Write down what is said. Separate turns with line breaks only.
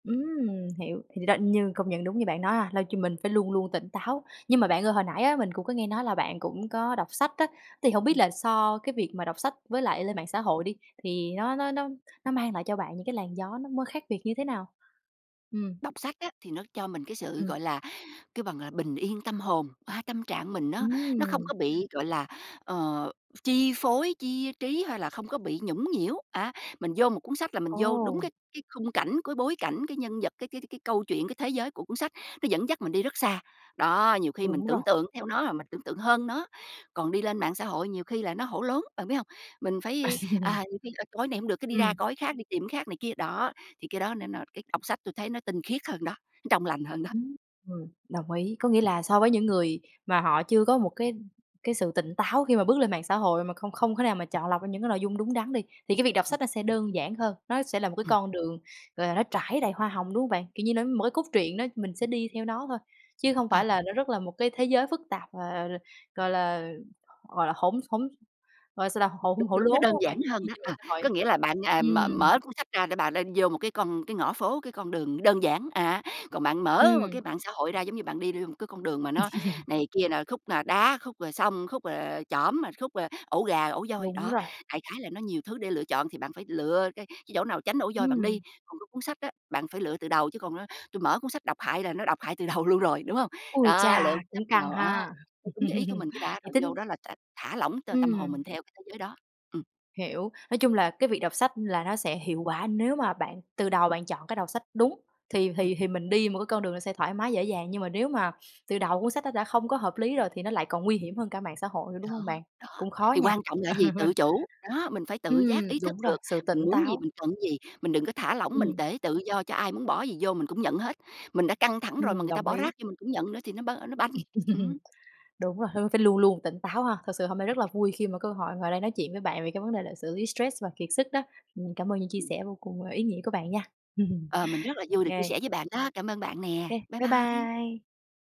Ừm, hiểu, thì đó, như công nhận đúng như bạn nói ha, lo cho mình phải luôn luôn tỉnh táo. Nhưng mà bạn ơi hồi nãy á mình cũng có nghe nói là bạn cũng có đọc sách á, thì hông biết
Ừm.
là so cái việc mà đọc sách với lại lên mạng xã hội đi, thì nó nó nó nó mang lại cho bạn những cái làn gió nó m khác biệt như thế nào? Ừm.
Đọc sách á, thì nó cho mình cái sự,
Ừm.
gọi là, kêu bằng là, bình yên tâm hồn, a, tâm trạng mình nó nó không
Ừm!
có bị, gọi là, ờ, chi phối, chia trí hay là không có bị nhũng nhiễu á. Mình vô một cuốn sách là mình
Ồ.
vô đúng cái cái khung cảnh, cái bối cảnh, cái nhân vật, cái cái cái câu chuyện, cái thế giới của cuốn sách, nó dẫn dắt mình đi rất xa. Đó, nhiều khi mình
Đúng rồi.
tưởng tượng theo nó, rồi mình tưởng tượng hơn nó. Còn đi lên mạng xã hội nhiều khi là nó hổ lốn, bạn biết hông? Mình phải, à, nhiều khi coi là này hổng được, cái đi ra
Ừm.
coi cái khác, đi tìm cái khác này kia. Đó, thì cái đó nên là cái đọc sách tui thấy nó tinh khiết hơn đó, nó trong lành hơn đó.
Ưm. Ừm. Đồng ý, có nghĩa là so với những người mà họ chưa có một cái, ưm, cái sự tỉnh táo khi mà bước lên mạng xã hội mà không không thể nào mà chọn lọc ra những cái nội dung đúng đắn đi, thì cái việc đọc sách
Ừm.
nó sẽ đơn giản hơn, nó sẽ là một cái
Ừm.
con đường, gọi là, nó trải đầy hoa hồng, đúng hông bạn? Kiểu như nó, một cái cốt truyện đó mình sẽ đi theo nó thôi, chứ hông
Ờ.
phải là nó rất là một cái thế giới phức tạp, ờ, gọi là, gọi là, hỗn hỗn gọi là sao ta, hổ
Đúng,
hổ
đúng,
lốn,
nó
đúng
đơn
hông
giản
bạn?
hơn
Chi
đó,
trên mạng
à,
xã hội.
có nghĩa là bạn, à, mờ
Ừm.
mở cuốn sách ra để bà lên vô một cái con cái ngõ phố, cái con đường đơn giản, à, còn bạn mở một cái
Ừm.
mạng xã hội ra giống như bạn đi vô một cái con đường mà nó này kia là khúc là đá, khúc là sông, khúc là, ờ, chỏm, rồi khúc, ờ, ổ gà, ổ voi.
Đúng
Đó,
rồi.
đại khái là nó nhiều thứ để lựa chọn thì bạn phải lựa cái cái chỗ nào tránh ổ voi bạn đi.
Ừm.
Còn cái cuốn sách đó, bạn phải lựa từ đầu chứ còn, ơ, tui mở cuốn sách độc hại là nó độc hại từ đầu luôn rồi, đúng hông?
Ôi
Đó, lựa
cha,
cuốn sách
cũng căng
nào, a,
ha!
theo đúng cái ý của mình cái đã
Vậy
rồi vô
tính
đó là t thả lỏng t tâm hồn
Ừm.
mình theo cái thế giới đó. Ừm.
Hiểu. Nói chung là cái việc đọc sách là nó sẽ hiệu quả nếu mà bạn từ đầu bạn chọn cái đọc sách đúng, thì
Ừm.
thì thì mình đi một cái con đường nó sẽ thoải mái dễ dàng, nhưng mà nếu mà từ đầu cuốn sách nó đã không có hợp lý rồi thì nó lại còn nguy hiểm hơn cả mạng xã hội,
Đó.
đúng hông bạn?
Đó.
Cũng khó
Thì
nha.
quan trọng là cái gì? Tự chủ. Đó, mình phải tự
Ừm,
giác ý thức
đúng rồi,
được,
sự tỉnh
mình muốn gì,
táo.
mình cần cái gì, mình đừng có thả lỏng mình
Ừm.
tể tự do cho ai muốn bỏ cái gì vô mình cũng nhận hết. Mình đã căng thẳng rồi mà
Ừm,
người ta
đồng
bỏ
ý.
rác vô mình cũng nhận nữa thì nó b nó banh, ừm.
Đúng rồi, h phải luôn luôn tỉnh táo ha, thật sự hôm nay rất là vui khi mà cơ hội ngồi đây nói chuyện với bạn về cái vấn đề là xử lý stress và kiệt sức đó. Mình cảm ơn những chia
Ừm.
sẻ vô cùng ý nghĩa của bạn nha.
Ờ,
Ô
mình rất là vui được chia
kê.
sẻ với bạn đó, cảm ơn bạn
Ô
nè.
kê.
Bye
Bye
bye!
bye!